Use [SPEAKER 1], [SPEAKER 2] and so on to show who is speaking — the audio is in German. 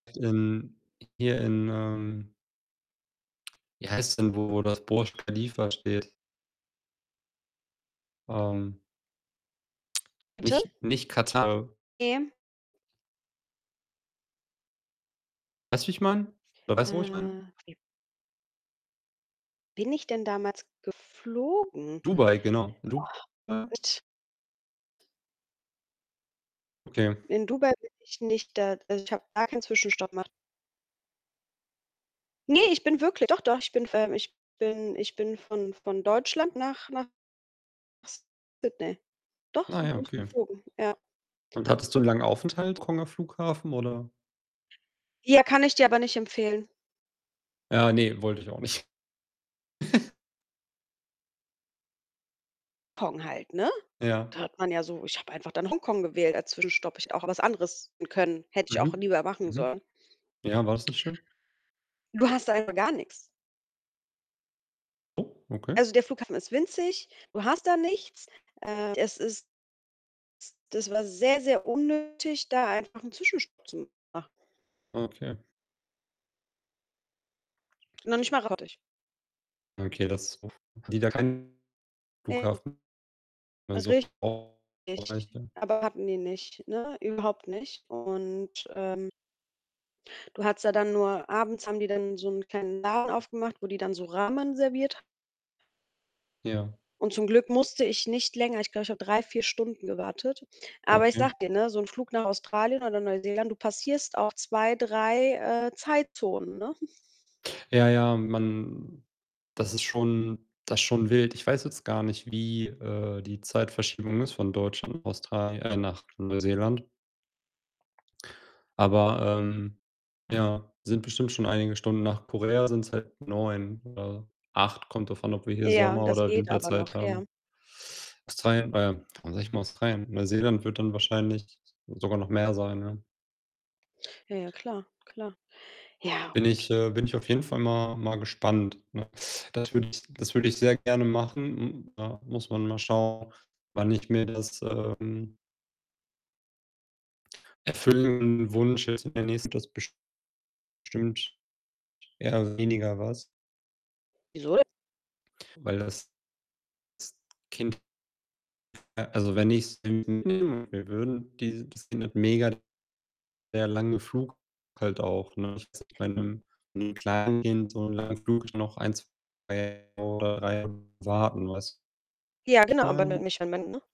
[SPEAKER 1] In hier in, ähm wie heißt denn, wo das, äh, Burj Khalifa steht? Ähm
[SPEAKER 2] Bitte?
[SPEAKER 1] nicht nicht Katar.
[SPEAKER 2] [unintelligible]
[SPEAKER 1] Weißt du, wie ich meine? Oder weißt du, wo ich
[SPEAKER 2] Äh.
[SPEAKER 1] meine?
[SPEAKER 2] [unintelligible] Bin ich denn damals geflogen?
[SPEAKER 1] Dubai, genau, in Dubai?
[SPEAKER 2] Och, äh, t
[SPEAKER 1] Okay.
[SPEAKER 2] In Dubai bin ich nicht da also, ich habe gar keinen Zwischenstopp gemacht. Ne, ich bin wirklich doch doch, ich bin v ähm, ich bin ich bin von von Deutschland nach nach Sydney. Doch,
[SPEAKER 1] Ah
[SPEAKER 2] so
[SPEAKER 1] ja,
[SPEAKER 2] bin ich
[SPEAKER 1] okay.
[SPEAKER 2] geflogen, ja.
[SPEAKER 1] Und hattest du 'n langen Aufenthalt [unintelligible] Flughafen oder?
[SPEAKER 2] Ja, kann ich dir aber nicht empfehlen.
[SPEAKER 1] Ja, ne, wollte ich auch nicht.
[SPEAKER 2] [unintelligible] Halt, ne?
[SPEAKER 1] Ja.
[SPEAKER 2] Da hat man ja so ich habe einfach dann Hongkong gewählt als Zwischenstopp, ich auch was anderes wählen können. Hätte ich auch
[SPEAKER 1] Mhm,
[SPEAKER 2] lieber machen
[SPEAKER 1] mhm.
[SPEAKER 2] sollen.
[SPEAKER 1] Ja, war's nicht schön?
[SPEAKER 2] Du hast einfach gar nix.
[SPEAKER 1] Oh, okay.
[SPEAKER 2] Also, der Flughafen ist winzig. Du hast da nichts. Äh, es ist das war sehr sehr unnötig, da einfach 'n Zwischenstopp zu machen.
[SPEAKER 1] Okay.
[SPEAKER 2] Noch nicht mal [unintelligible]
[SPEAKER 1] Okay, das [unintelligible] haben die da keinen
[SPEAKER 2] Ne.
[SPEAKER 1] Flughafen? [unintelligible] Reicht
[SPEAKER 2] Richtig,
[SPEAKER 1] ja.
[SPEAKER 2] aber hatten die nicht, ne, überhaupt nicht. Und, ähm Du hattest da dann nur abends haben die dann so 'n kleinen Laden aufgemacht, wo die dann so Ramen serviert h
[SPEAKER 1] Ja.
[SPEAKER 2] Und zum Glück musste ich nicht länger ich glaube, ich habe 3, 4 Stunden gewartet. Aber ich
[SPEAKER 1] Okay.
[SPEAKER 2] sage dir, ne, so 'n Flug nach Australien oder Neuseeland, du passierst auch 2, 3, äh, Zeitzonen, ne?
[SPEAKER 1] Ja, ja, man das ist schon das schon wild. Ich weiß jetzt gar nicht, wie, äh, die Zeitverschiebung ist von Deutschland, Australi äh, nach Neuseeland. Aber, ähm, ja, sind bestimmt schon einige Stunden. Nach Korea sind's halt 9 oder 8. Kommt drauf an, ob wir hier
[SPEAKER 2] Ja,
[SPEAKER 1] Sommer
[SPEAKER 2] das
[SPEAKER 1] oder
[SPEAKER 2] geht aber noch,
[SPEAKER 1] Winterzeit
[SPEAKER 2] ja.
[SPEAKER 1] haben. Australien äh, warum sage ich immer Australien? Neuseeland wird dann wahrscheinlich sogar noch mehr sein, ja.
[SPEAKER 2] Ja, ja, klar, klar. Ja,
[SPEAKER 1] Bin
[SPEAKER 2] gut.
[SPEAKER 1] ich äh, bin ich auf jeden Fall mal mal gespannt, ne? Das würde ich das würde ich sehr gerne machen. Hm, da muss man mal schauen, wann ich mir das, ähm erfüllen Wunsch jetzt in der nächsten [unintelligible] das bestimmt eher weniger was.
[SPEAKER 2] Wieso?
[SPEAKER 1] Weil das Kind äh, also, wenn ich's [unintelligible] würden, die das sind halt mega der lange Flug halt auch, ne? Ich weiß nicht, bei 'nem Kleinkind, so 'n langen Flug noch 1, 2 oder 3 [unintelligible] warten, weißt
[SPEAKER 2] Ja,
[SPEAKER 1] wie ich
[SPEAKER 2] genau, aber ni
[SPEAKER 1] meine?
[SPEAKER 2] nicht wenn man ne?